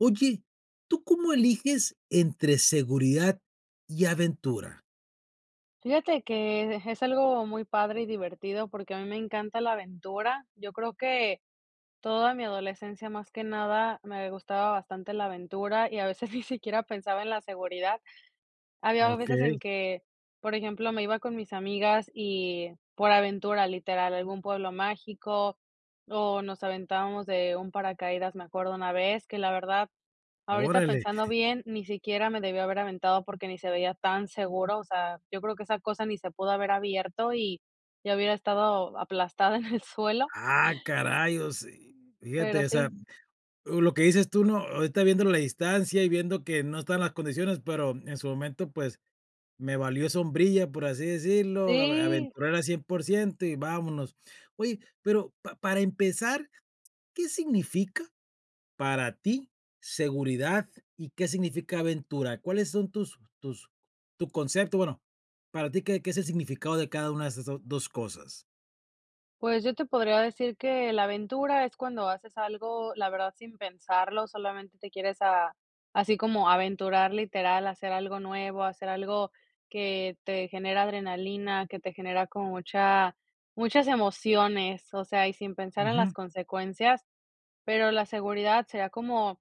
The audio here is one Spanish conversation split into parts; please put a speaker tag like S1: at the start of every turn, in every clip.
S1: Oye, ¿tú cómo eliges entre seguridad y aventura?
S2: Fíjate que es algo muy padre y divertido, porque a mí me encanta la aventura. Yo creo que toda mi adolescencia más que nada me gustaba bastante la aventura y a veces ni siquiera pensaba en la seguridad. Había veces
S1: Okey.
S2: en que, por ejemplo, me iba con mis amigas y por aventura literal, a algún pueblo mágico o nos aventábamos de un paracaídas, me acuerdo una vez, que la verdad, ahorita
S1: Órale.
S2: pensando bien, ni siquiera me debí haber aventado porque ni se veía tan seguro, o sea, yo creo que esa cosa ni se pudo haber abierto y ya hubiera estado aplastada en el suelo.
S1: Ah, caray, o se fíjate,
S2: Pero
S1: o sea,
S2: sí.
S1: lo que dices tú, ¿no?, ahorita viendo la distancia y viendo que no están las condiciones, pero en su momento, pues, me valió sombrilla, por así decirlo,
S2: Sí.
S1: aventurar al 100% y vámonos. Oye, pero pa para empezar, ¿qué significa para ti seguridad y qué significa aventura? ¿Cuáles son tus tus tu concepto?, bueno, para ti, ¿qué qué es el significado de cada una de esas 2 2 cosas?
S2: Pues yo te podría decir que la aventura es cuando haces algo, la verdad, sin pensarlo, solamente te quieres a así como aventurar, literal, hacer algo nuevo, hacer algo que te genera adrenalina, que te genera como mucha muchas emociones, o sea, y sin pensar en las
S1: Ujú.
S2: consecuencias, pero la seguridad sería como,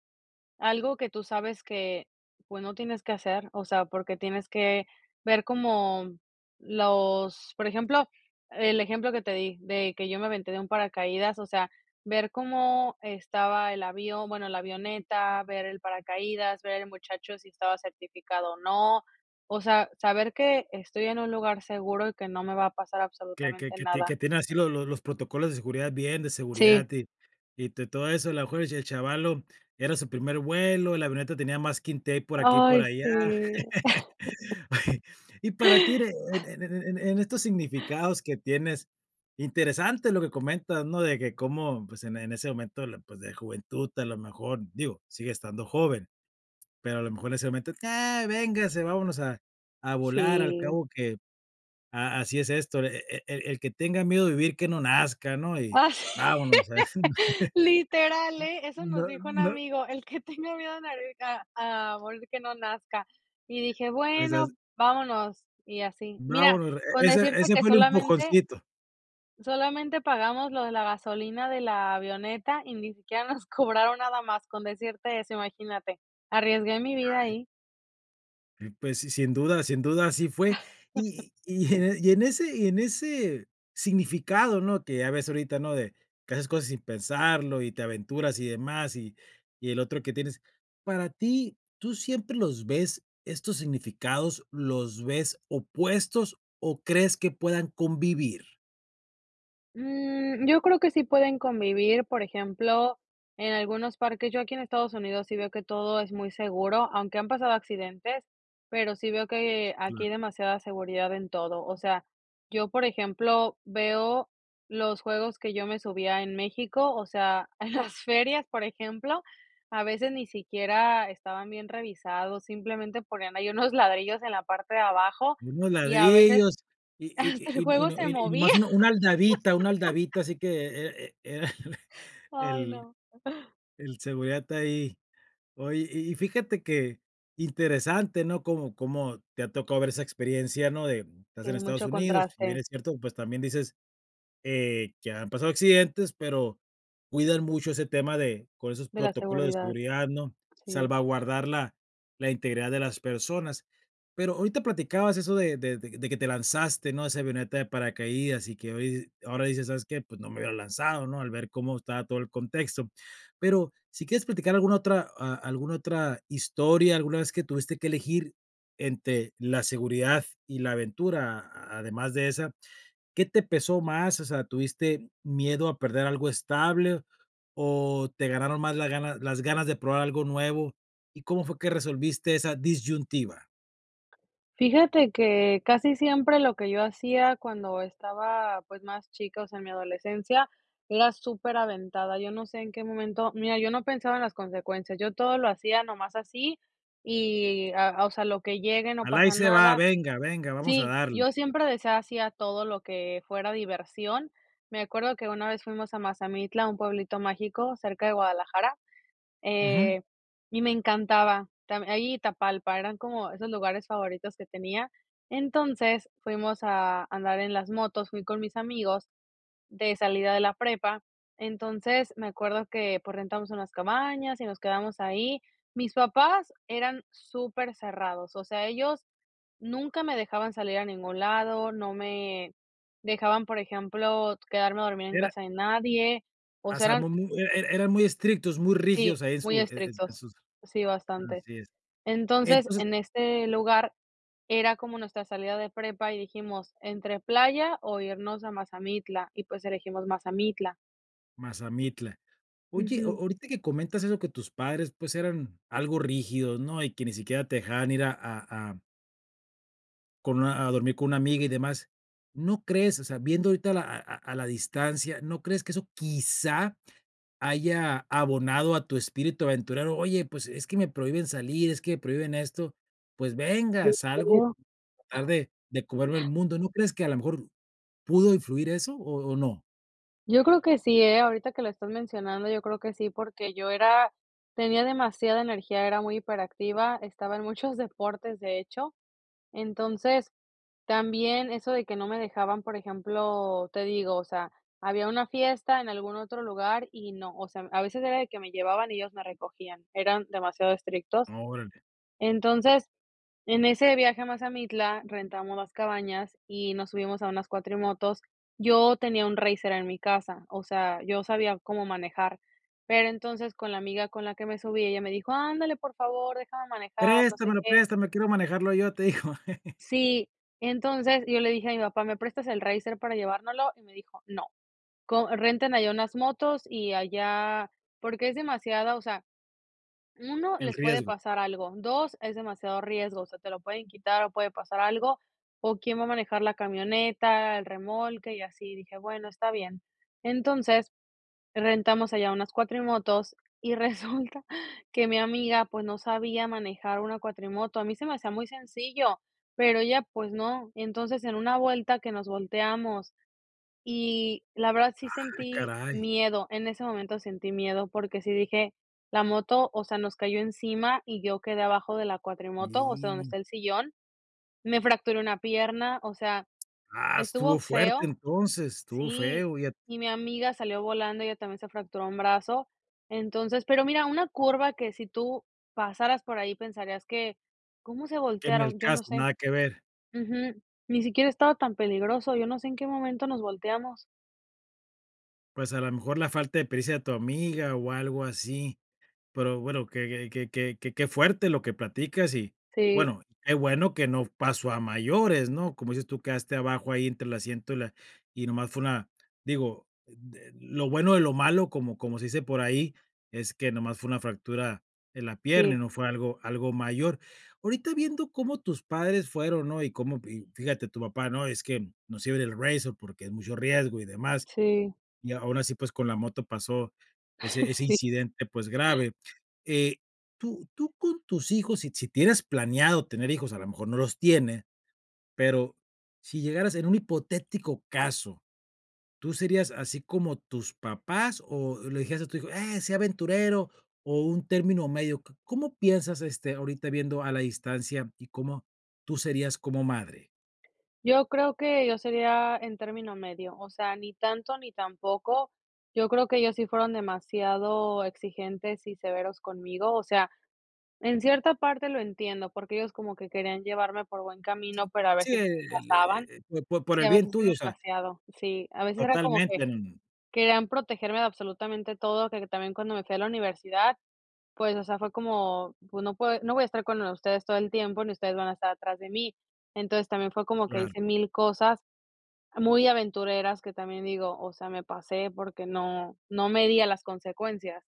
S2: algo que tú sabes que, pues, no tienes que hacer, o sea, porque tienes que ver como los por ejemplo, el ejemplo que te di, de que yo me aventé de un paracaídas, o sea, ver cómo estaba el avión, bueno, la avioneta, ver el paracaídas, ver el muchacho si estaba certificado o no, o sea, saber que estoy en un lugar seguro y que no me va a pasar
S1: Que que
S2: absolutamente
S1: que ti
S2: nada.
S1: que tiene así los los los protocolos de seguridad bien, de
S2: Si.
S1: seguridad, y y de todo eso, a lo mejor y el chavalo era su primer vuelo, la avioneta tenía masking tape por aquí y por
S2: Ay,
S1: allá.
S2: sí.
S1: Y para ti, en en en en en estos significados que tienes, interesante lo que comentas, ¿no?, de que cómo, pues, en en ese momento, pues, de juventud a lo mejor, digo, sigue estando joven, pero a lo mejor en ese momento: "Ya, véngase, vámonos a a volar, al
S2: Sí.
S1: cabo que a así es esto, el el el que tenga miedo de vivir, que no nazca, ¿no?, y
S2: Ah,
S1: vámonos".
S2: literal eh, eso nos
S1: No,
S2: dijo un
S1: no.
S2: amigo, el que tenga miedo a morir a a morir que no nazca. Y dije:
S1: Pues, haz.
S2: "Bueno, vámonos", y así, mira,
S1: Vámonos, e
S2: con
S1: ese
S2: decirte
S1: ese
S2: que
S1: fue el un
S2: solamente
S1: empujoncito.
S2: solamente pagamos lo de la gasolina de la avioneta y ni siquiera nos cobraron nada más, con decirte eso, imagínate, arriesgué mi vida
S1: Dale.
S2: ahí.
S1: Pues si sin duda sin duda así fue y y en y en ese y en ese significado, ¿no?, que ya ves ahorita, ¿no?, de que haces cosas sin pensarlo y te aventuras y demás y y el otro que tienes, para ti, ¿tú siempre los ves estos significados los ves opuestos o crees que puedan convivir?
S2: Mm yo creo que sí pueden convivir, por ejemplo, en algunos parques. Yo aquí en Estados Unidos sí veo que todo es muy seguro, aunque han pasado accidentes, pero sí veo que aquí demasiada seguridad en todo. O sea, yo, por ejemplo, veo los juegos que yo me subía en México, o sea, en las ferias, por ejemplo, a veces ni siquiera estaban bien revisados, simplemente ponían ahí unos ladrillos en la parte de abajo,
S1: Unos
S2: y a veces
S1: ladrillos y y
S2: hasta el
S1: y y no y
S2: juego
S1: no,
S2: se
S1: y
S2: movía.
S1: nomás un una aldabita una aldabita así que e e era
S2: Ay,
S1: el
S2: no.
S1: el seguridad está ahí. Oye, y y fíjate qué interesante, ¿no?, cómo cómo te ha tocado ver esa experiencia, ¿no?, de, mm, estás en
S2: Tiene
S1: Estados
S2: mucho
S1: Unidos, si bien
S2: contraste.
S1: es cierto, pues también dices, eh, que han pasado accidentes, pero cuidas mucho ese tema de con esos
S2: De la
S1: protocolos de
S2: seguridad,
S1: seguridad, ¿no?,
S2: sí.
S1: salvaguardar la la integridad de las personas. Pero ahorita platicabas eso de de de que te lanzaste, ¿no?, de esa avioneta de paracaídas y que hoy ahora dices: "¿Sabes qué? Pues no me hubiera lanzado", ¿no?, al ver cómo estaba todo el contexto. Pero si quieres platicar alguna otra a alguna otra historia, alguna vez que tuviste que elegir entre la seguridad y la aventura, además de esa, ¿qué te pesó más? O sea, ¿tuviste miedo a perder algo estable o te ganaron más la ganas las ganas de probar algo nuevo? ¿Y cómo fue que resolviste esa disyuntiva?
S2: Fíjate que casi siempre lo que yo hacía cuando estaba, pues, más chica, o sea, en mi adolescencia, era superaventada. Yo no sé en qué momento, mira, yo no pensaba en las consecuencias, yo todo lo hacía nomás así y, a a o sea, lo que llegue, no
S1: A la Ahí
S2: pasa
S1: se va,
S2: nada
S1: venga, venga, vamos a
S2: Sí,
S1: darle.
S2: yo siempre decía sí a todo lo que fuera diversión. Me acuerdo que una vez fuimos a Mazamitla, un pueblito mágico, cerca de Guadalajara,
S1: Ujú.
S2: eh, y me encantaba. Tam Ahí y Tapalpa, eran como esos lugares favoritos que tenía. Entonces fuimos a andar en las motos, fui con mis amigos de salida de la prepa. Entonces, me acuerdo que, pues, rentamos unas cabañas y nos quedamos ahí. Mis papás eran supercerrados, o sea, ellos nunca me dejaban salir a ningún lado, no me dejaban, por ejemplo, quedarme a dormir en
S1: Era
S2: casa de nadie, o
S1: Ah, o
S2: sea,
S1: sea, mu
S2: eran
S1: mu e e eran muy estrictos, muy
S2: Sí,
S1: rígidos ahí en
S2: muy
S1: su e e en
S2: estrictos,
S1: sus
S2: sí, bastante.
S1: Así es.
S2: Entonces,
S1: Entonces
S2: en este lugar era como nuestra salida de prepa y dijimos entre playa o irnos a Mazamitla, y pues elegimos Mazamitla.
S1: Mazamitla. Oye,
S2: Ujú.
S1: o-o Ahorita que comentas eso que tus padres, pues, eran algo rígidos, ¿no? Y que ni siquiera te dejaban ir a a a con una a dormir con una amiga y demás, ¿no crees? O sea, viendo ahorita a la a a a la distancia, ¿no crees que eso quizá haya abonado a tu espíritu aventurero? Oye, pues: "Es que me prohíben salir, es que me prohíben esto", pues venga,
S2: Yo
S1: salgo
S2: creo.
S1: a tratar de de comerme el mundo, ¿no crees que a la mejor pudo influir eso o o no?
S2: Yo creo que sí, eh, ahorita que lo estás mencionando, yo creo que sí, porque yo era tenía demasiada energía, era muy hiperactiva, estaba en muchos deportes, de hecho. Entonces, también eso de que no me dejaban, por ejemplo, te digo, o sea, había una fiesta en algún otro lugar y no, o sea, a veces era el que me llevaban y ellos me recogían, eran demasiado estrictos.
S1: Órale.
S2: Entonces, en ese viaje a Mazamitla rentamos las cabañas y nos subimos a unas cuatrimotos. Yo tenía un racer en mi casa, o sea, yo sabía cómo manejar, pero entonces con la amiga con la que me subí, ella me dijo: "Ándale, por favor, déjame manejar", no sé
S1: "Préstamelo,
S2: qué.
S1: préstame, quiero manejarlo yo", te dijo.
S2: Sí. Entonces, yo le dije a mi papá: "¿Me prestas el racer para llevárnoslo?". Y me dijo: "No. Co Renten allá unas motos y allá, porque es demasiada, o sea, 1,
S1: El
S2: les puede
S1: riesgo.
S2: pasar algo, 2, es demasiado riesgo, o sea, te lo pueden quitar o puede pasar algo, o quién va a manejar la camioneta, el remolque y así", y dije: "Bueno, está bien". Entonces, rentamos allá unas cuatrimotos y resulta que mi amiga, pues, no sabía manejar una cuatrimoto, a mí se me hacía muy sencillo, pero ella, pues, no. Entonces, en una vuelta que nos volteamos, y la verdad
S1: Ah,
S2: sí sentí
S1: caray.
S2: miedo, en ese momento sentí miedo, porque sí dije La moto, o sea, nos cayó encima y yo quedé abajo de la cuatrimoto, o sea, donde
S1: Lin
S2: está el sillón, me fracturé una pierna, o sea,
S1: Ah,
S2: estuvo
S1: estuvo fuerte
S2: feo
S1: entonces, estuvo
S2: Sí,
S1: feo y a
S2: y mi amiga salió volando, ella también se fracturó un brazo, entonces, pero mira una curva que si tú pasaras por ahí pensarías que, ¿cómo se
S1: Que ni al
S2: voltearon? Yo no
S1: caso,
S2: sé.
S1: nada que ver.
S2: Ujú. Ni siquiera estaba tan peligroso, yo no sé en qué momento nos volteamos.
S1: Pues a lo mejor la falta de prisa de tu amiga o algo así, pero bueno, que que que que que que fuerte lo que platicas y
S2: Sí.
S1: bueno, qué bueno que no pasó a mayores, ¿no?, como dices tú, quedaste abajo ahí entre el asiento y la y nomás fue una digo, d lo bueno de lo malo, como como se dice por ahí, es que nomás fue una fractura en la pierna y
S2: Sí.
S1: no fue algo algo mayor. Ahorita viendo cómo tus padres fueron, ¿no?, y cómo, p fíjate, tu papá, ¿no?, es que no sirve [unintelligible] porque es mucho riesgo y demás,
S2: Sí.
S1: y aún así, pues, con la moto pasó ese ese
S2: Sí.
S1: incidente, pues, grave eh, tú tú con tus hijos, si si tienes planeado tener hijos, a lo mejor no los tiene, pero si llegaras en un hipotético caso, ¿tú serías así como tus papás o le dijeras a tu hijo: "Eh, sé aventurero", o un término medio? ¿Có cómo piensas, este, ahorita viendo a la distancia, y cómo tú serías como madre?
S2: Yo creo que yo sería en término medio, o sea, ni tanto ni tan poco yo creo que ellos sí fueron demasiado exigentes y severos conmigo, o sea, en cierta parte lo entiendo, porque ellos como que querían llevarme por buen camino, pero a
S1: Sí,
S2: veces sí
S1: e
S2: se
S1: e e l eh
S2: pasaban
S1: eh po por
S2: sí,
S1: el
S2: a
S1: bien
S2: veces era
S1: tuyo, o sea.
S2: demasiado sí, a veces era como que
S1: Totalmente. No, no.
S2: querían protegerme de absolutamente todo, que también cuando me fui a la universidad, pues, o sea, fue como pues no pue no voy a estar con ustedes todo el tiempo, ni ustedes van a estar atrás de mí. Entonces también fue como que
S1: Claro.
S2: hice 1000 cosas muy aventureras que también digo, o sea, me pasé porque no no medía las consecuencias.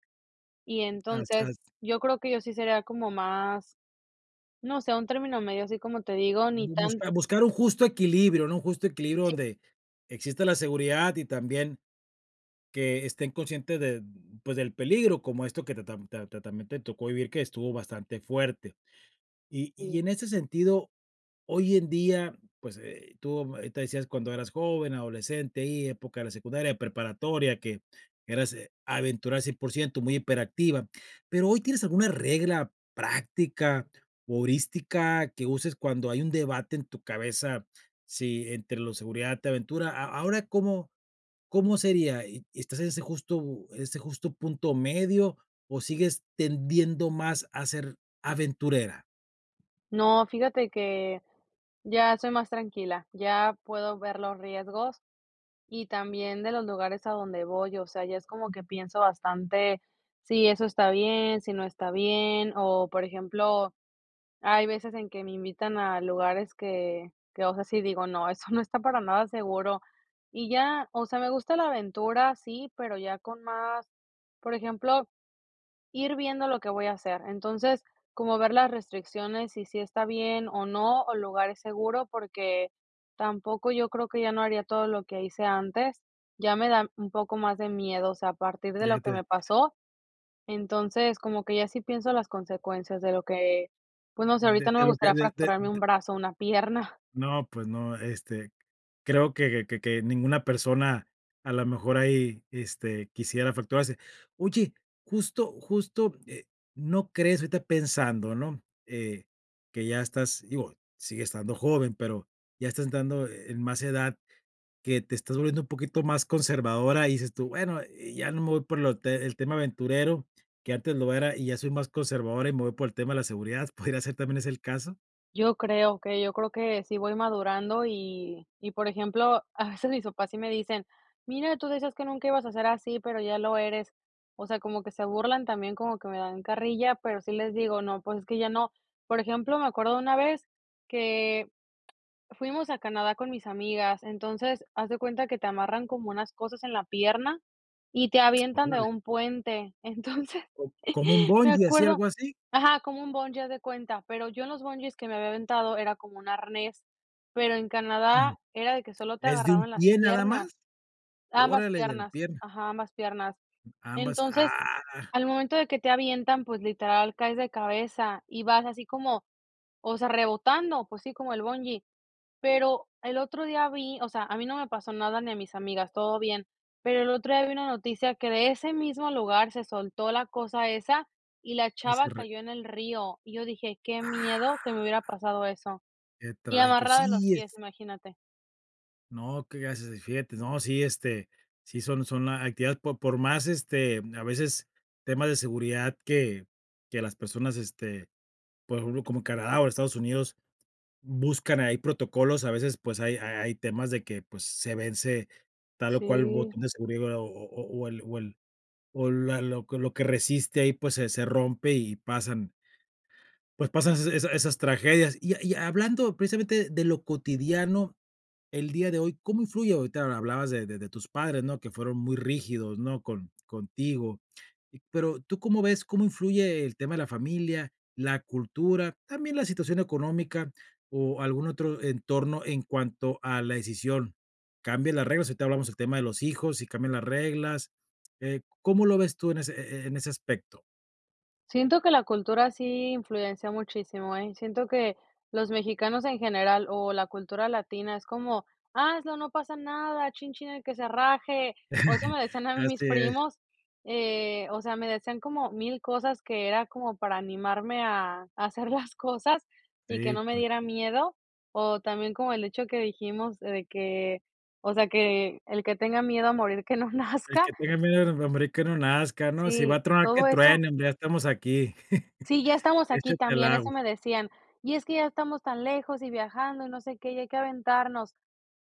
S2: Y
S1: As
S2: entonces
S1: as.
S2: yo creo que yo sí sería como más no sé, un término medio así como te digo ni
S1: Bu
S2: tan
S1: busca buscar un justo equilibrio, ¿no?, un justo equilibrio
S2: Sí.
S1: donde exista la seguridad y también que estén conscientes de, pues, del peligro, como esto que ta ta tam ta ta también te tocó vivir que estuvo bastante fuerte, y y
S2: Sí.
S1: en ese sentido, hoy en día, pues, eh tú, ahorita decías cuando eras joven, adolescente, ahí época de la secundaria, preparatoria, que eras, eh, aventura al 100% muy hiperactiva, pero hoy tienes alguna regla práctica, [unintelligible] que uses cuando hay un debate en tu cabeza, si entre lo seguridad te aventura, ¿A ahora cómo cómo sería? y ¿estás en ese justo en ese justo punto medio o sigues tendiendo más a ser aventurera?
S2: No, fíjate que ya soy más tranquila, ya puedo ver los riesgos y también de los lugares a donde voy, o sea, ya es como que pienso bastante si eso está bien, si no está bien, o por ejemplo, hay veces en que me invitan a lugares que que, o sea, sí digo: "No, eso no está para nada seguro", y ya, o sea, me gusta la aventura, sí, pero ya con más por ejemplo, ir viendo lo que voy a hacer, entonces, como ver las restricciones y si está bien o no, o el lugar es seguro, porque tampoco yo creo que ya no haría todo lo que hice antes, ya me da un poco más de miedo, o sea, a partir de lo
S1: Ya
S2: que
S1: te
S2: me pasó, entonces, como que ya sí pienso las consecuencias de lo que pues, no sé,
S1: De
S2: ahorita no
S1: de
S2: me
S1: lo que
S2: gustaría
S1: de de
S2: fracturarme
S1: d
S2: un brazo o una pierna.
S1: No, pues no, este, creo que que que ninguna persona a la mejor ahí, este, quisiera fracturarse. Oye, justo justo, eh, no crees ahorita pensando, ¿no?, eh, que ya estás digo, sigues estando joven pero ya estás entrando en más edad que te estás volviendo un poquito más conservadora y dices tú: "Bueno, eh, ya no me voy por lo te el tema aventurero, que antes lo era y ya soy más conservadora y me voy por el tema de la seguridad", ¿podría ser también ese el caso?
S2: Yo creo que yo creo que sí voy madurando y y por ejemplo, a veces mis papás sí me dicen: "Mira, tú decías que nunca ibas a ser así, pero ya lo eres", o sea, como que se burlan también, como que me dan carrilla, pero sí les digo: "No, pues es que ya no". Por ejemplo, me acuerdo de una vez que fuimos a Canadá con mis amigas. Entonces, haz de cuenta que te amarran como unas cosas en la pierna y te avientan de
S1: Órale.
S2: un puente, entonces
S1: ¿Có Cómo un
S2: me
S1: bungee así,
S2: acuerdo
S1: algo así?
S2: ajá como un bungee haz de cuenta, pero yo en los bungees que me había aventado era como un arnés, pero en
S1: Ujú.
S2: Canadá era de que solo te
S1: ¿Es de un
S2: agarraban las
S1: pie nada más?
S2: piernas, ambas
S1: Órale de la
S2: piernas
S1: pierna.
S2: ajá, ambas piernas.
S1: Ambas,
S2: Entonces,
S1: ah.
S2: al momento de que te avientan, pues, literal, caes de cabeza y vas así como, o sea, rebotando, pues, sí, como el bungee, pero el otro día vi o sea, a mí no me pasó nada ni a mis amigas, todo bien, pero el otro día vi una noticia que de ese mismo lugar se soltó la cosa esa y la
S1: Y si
S2: chava
S1: re
S2: cayó en el río y yo dije: "Qué
S1: Ah.
S2: miedo que me hubiera pasado eso",
S1: Qué
S2: y
S1: trágico,
S2: amarrada de los
S1: sí, es
S2: pies, imagínate.
S1: No, qué gracias sí fíjate, no, sí, este, sí son son actividades por por más, este a veces temas de seguridad que que las personas, este por ejemplo, como Canadá o Estados Unidos buscan ahí protocolos, a veces, pues, hay hay hay hay temas de que, pues, se vence tal o cual un
S2: Sí.
S1: botón de seguridad o o o o el o el o la lo que lo que resiste ahí, pues, se se rompe y pasan pues pasan esa esas esas tragedias, y ha y hablando precisamente de lo cotidiano el día de hoy, ¿cómo influye? Ahorita hablabas de de de tus padres, ¿no?, que fueron muy rígidos, ¿no?, con contigo, y pero, ¿tú cómo ves cómo influye el tema de la familia, la cultura, también la situación económica o algún otro entorno en cuanto a la decisión? ¿Cambias las reglas? Ahorita hablamos el tema de los hijos y cambian las reglas, eh, ¿cómo lo ves tú en ese e e e en ese aspecto?
S2: Siento que la cultura sí influencia muchísimo, eh. Siento que los mexicanos en general o la cultura latina es como: "Hazlo no pasa nada, chin chin el que se raje", o eso me decían a mí mis
S1: Así es.
S2: primos, eh, o sea, me decían como mil cosas que era como para animarme a a hacer las cosas y que
S1: Sí,
S2: no me
S1: pues.
S2: diera miedo, o también como el hecho que dijimos de que, o sea, que el que tenga miedo a morir que no
S1: El
S2: nazca.
S1: que tenga miedo de de morir que no nazca, ¿no?, si va
S2: Sí,
S1: a tronar que
S2: todo eso.
S1: truenen, ya estamos aquí.
S2: Sí, ya estamos aquí
S1: Échate al
S2: también, eso
S1: agua.
S2: me decían, y es que ya estamos tan lejos y viajando y no sé qué, y hay que aventarnos.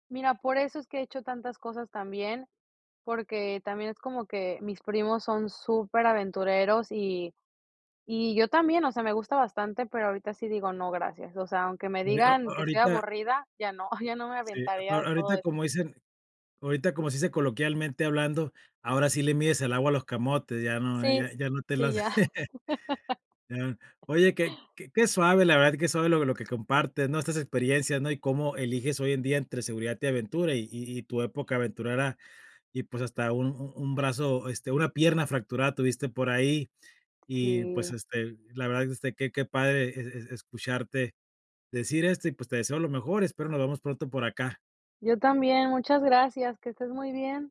S2: Mira, por eso es que he hecho tantas cosas también, porque también es como que mis primos son superaventureros y y yo también, o sea, me gusta bastante, pero ahorita sí digo: "No, gracias". O sea, aunque me
S1: Oh, eh, o oh,
S2: digan que soy
S1: ahorita.
S2: aburrida, ya no, ya no me
S1: Si, a
S2: aventaría
S1: a
S2: de todo
S1: ahorita
S2: eso.
S1: como dicen ahorita como se dice coloquialmente hablando, ahora sí le mides el agua a los camotes, ya no,
S2: Sí,
S1: ya ya no te
S2: sí,
S1: las
S2: ya.
S1: ya. Oye, que que suave, la verdad, que suave lo lo que compartes, ¿no?, estas experiencias, ¿no?, y cómo eliges hoy en día entre seguridad y aventura y y y tu época aventurera, y pues, hasta un un brazo, este, una pierna fracturada tuviste por ahí, y pues,
S2: Sí.
S1: este, la verdad este, que que padre e es escucharte decir esto, y pues, te deseo lo mejor espero nos vemos pronto por acá.
S2: Yo también, muchas gracias, que estés muy bien.